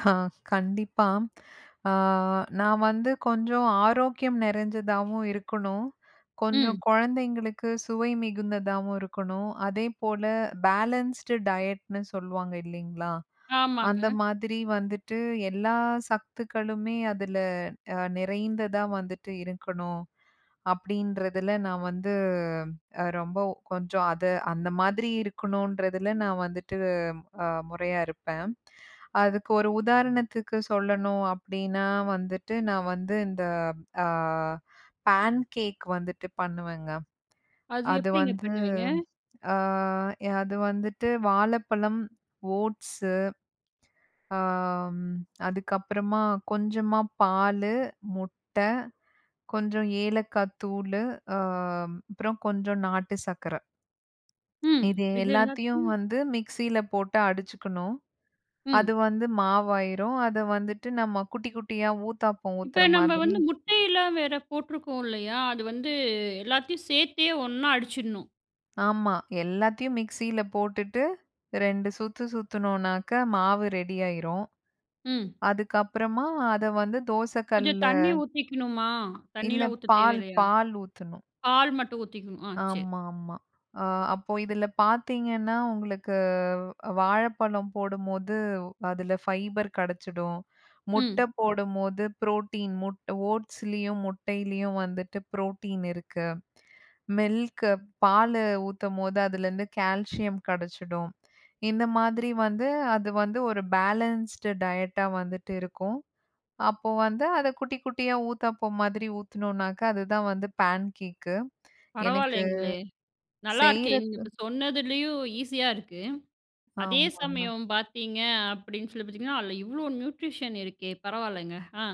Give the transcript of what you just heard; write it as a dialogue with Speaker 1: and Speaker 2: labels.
Speaker 1: ஹ, கண்டிப்பா. அ நான் வந்து கொஞ்சம் ஆரோக்கியம் நிறைஞ்சதாவும் இருக்கணும். கொஞ்சம்
Speaker 2: ம்.
Speaker 1: கொழந்தைங்களுக்கு சுவை மிகுந்ததாவும் இருக்கணும். அதே போல பேலன்ஸ்டு டயட்னு சொல்லுவாங்க இல்லைங்களா? அந்த
Speaker 2: ஆமாங்க.
Speaker 1: மாதிரி வந்துட்டு எல்லா சத்துக்களுமே அதில நிறைந்ததா வந்துட்டு இருக்கணும். அப்படின்றதில நான் வந்து ரொம்ப கொஞ்சம் அத அந்த மாதிரி இருக்கணுன்றதில நான் வந்துட்டு அ, முறையா இருப்பேன். அதுக்கு ஒரு உதாரணத்துக்கு சொல்லணும் அப்படின்னா வந்துட்டு நான் வந்து இந்த ஆ பேன்கேக் வந்துட்டு பண்ணுவேங்க.
Speaker 2: அது
Speaker 1: அது
Speaker 2: எப்படிங்க
Speaker 1: வந்து
Speaker 2: பண்ணுவீங்க?
Speaker 1: ஆ அது வந்துட்டு வாழப்பழம், ஓட்ஸ்சு ஆம், அதுக்கப்புறமா கொஞ்சமா பாலு, முட்ட, கொஞ்ச ஏலக்காய் தூளு ஆ, அப்புறம் கொஞ்ச நாட்டு சக்கர.
Speaker 2: ம்.
Speaker 1: இது
Speaker 2: இது
Speaker 1: எல்லாத்தையும்
Speaker 2: எல்லாத்தையும்
Speaker 1: வந்து மிக்ஸியில போட்டு அடிச்சுக்கணும். அது
Speaker 2: ம்.
Speaker 1: வந்து மாவாயிரும். அத வந்துட்டு நம்ம குட்டி, குட்டியா ஊத்தாப்பம் ஊத்துற
Speaker 2: இப்ப நம்ம
Speaker 1: மாதிரி
Speaker 2: வந்து முட்டையெல்லாம் வேற போட்ருக்கோம் இல்லையா? அது வந்து எல்லாத்தையும் சேர்த்தே ஒண்ணா அடிச்சிடணும்.
Speaker 1: ஆமா, எல்லாத்தையும் மிக்ஸியில போட்டுட்டு 2 சுத்து சுத்தினோனாக்க மாவு ரெடியாயிரும்.
Speaker 2: ம்.
Speaker 1: அதுக்கப்புறமா அத வந்து தோச
Speaker 2: கொஞ்சம்
Speaker 1: கல்லுல
Speaker 2: தண்ணி ஊத்திக்கணுமா?
Speaker 1: இல்ல
Speaker 2: தண்ணிலாம் ஊத்த
Speaker 1: பால்
Speaker 2: தேவையில்லையா?
Speaker 1: பால் ஊத்தணும்.
Speaker 2: பால் மட்டும் ஊத்திக்கணும். ஆ, சேரி.
Speaker 1: ஆமாமா. அ அப்போ இதில பார்த்தீங்கன்னா, உங்களுக்கு வாழப்பழம் போடும்போது அதில ஃபைபர் கெடச்சிடும், முட்ட
Speaker 2: ம்.
Speaker 1: போடும்போது புரோட்டீன் முட் ஓட்ஸ்லேயும் முட்டையிலேயும் வந்துட்டு புரோட்டீன் இருக்கு, மில்க் பாலு ஊத்தும்போது அதிலேருந்து கால்சியம் கிடைச்சிடும். இந்த மாதிரி வந்து அது வந்து ஒரு பேலன்ஸ்டு டயட் அ வந்துட்டு இருக்கும். அப்போ வந்து, அத குட்டி, குட்டியா ஊத்தாப்பம் மாதிரி ஊத்தினோனாக்க, அதுதான் வந்து பேன்கேக்கு. எனக்கு
Speaker 2: பரவாயில்லேங்களே, நல்லாருக்கே! நீங்க
Speaker 1: செய்றது
Speaker 2: இப்ப சொன்னதுலயும் ஈஸியா இருக்கு. அதே
Speaker 1: ஆமாங்க.
Speaker 2: சமயம் பார்த்தீங்க அப்படின்னு சொல்லி பார்த்தீங்கன்னா, அதில் இவ்வளோ நியூட்ரிஷன் இருக்கே பரவாயில்லங்க. ஆ.